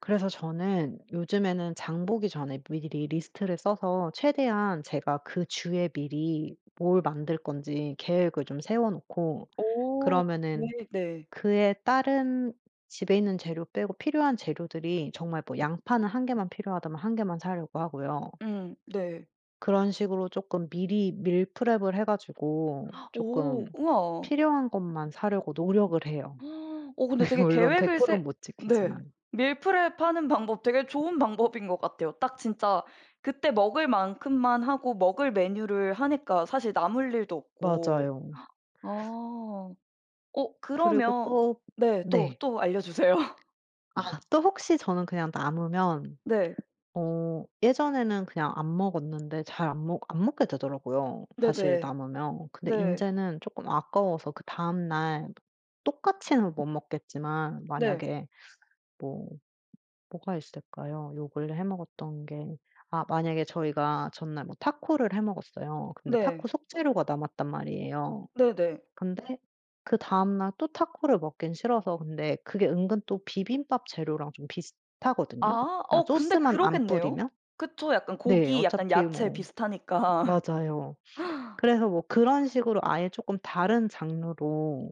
그래서 저는 요즘에는 장보기 전에 미리 리 리스트를 써서 최대한 제가 그 주에 미리 뭘 만들 건지 계획을 좀 세워 놓고 오. 그러면은 네네. 그에 따른 집에 있는 재료 빼고 필요한 재료들이 정말 뭐 양파는 1 개만 필요하다면 1 개만 사려고 하고요. 음. 네. 그런 식으로 쪼끔 미리 밀프랩을 해 가지고 오 쪼끔 우와. 필요한 것만 사려고 노력을 해요. 근데 되게 물론 백 계획을 프로 세 못 네. 지키지만. 밀프랩 하는 방법 되게 좋은 방법인 것 같아요. 딱 진짜 그때 먹을 만큼만 하고 먹을 메뉴를 하니까 사실 남을 일도 없고. 맞아요. 아. 어 그리고 그러면 또 네. 또, 네. 또 알려주세요. 아 또 혹시 저는 그냥 남으면 네. 어 예전에는 그냥 안 먹었는데 잘 안 먹 안 먹게 되더라고요, 사실 네네. 남으면. 근데 네. 인제는 쪼끔 아까워서 그다음 날 똑같이는 못 먹겠지만 네. 만약에 뭐 뭐가 있을까요, 요 근래 해 먹었던 게. 아 만약에 저희가 전날 뭐 타코를 해 먹었어요. 근데 네. 타코 속 재료가 남았단 말이에요. 네네. 근데 그다음 날 또 타코를 먹긴 싫어서 근데 그게 은근 또 비빔밥 재료랑 좀 비슷하거든요, 아. 그냥 어 근데 소스만 안 그러겠네요. 뿌리면. 그쵸. 약간 네. 고기 약간 어차피 야채 뭐 비슷하니까. 맞아요. 그래서 뭐 그런 식으로 아예 쪼끔 다른 장르로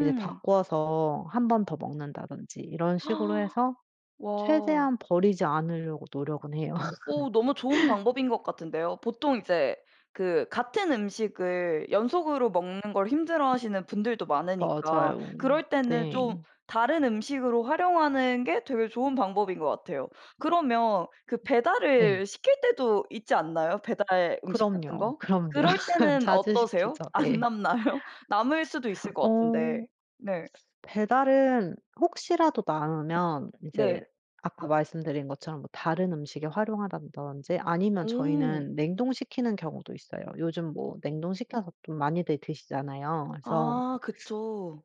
이제 바꿔서 1 번 더 먹는다든지 이런 식으로 해서 와. 최대한 버리지 않으려고 노력은 해요. 어 너무 좋은 방법인 것 같은데요? 보통 이제 그 같은 음식을 연속으로 먹는 걸 힘들어하시는 분들도 많으니까 맞아요. 그럴 때는 좀 네. 다른 음식으로 활용하는 게 되게 좋은 방법인 것 같아요. 그러면 그 네. 배달을 시킬 때도 있지 않나요? 배달 음식 같은 그럼요. 거? 그럼요. 그럴 때는 자주 어떠세요? 시키죠. 안 네. 남나요? 남을 수도 있을 것 같은데. 어. 네. 배달은 혹시라도 남으면 이제 네. 아까 말씀드린 것처럼 뭐 다른 음식에 활용한다든지 아니면 오. 저희는 냉동시키는 경우도 있어요. 요즘 뭐 냉동시켜서 또 많이들 드시잖아요. 그래서 아 그쵸.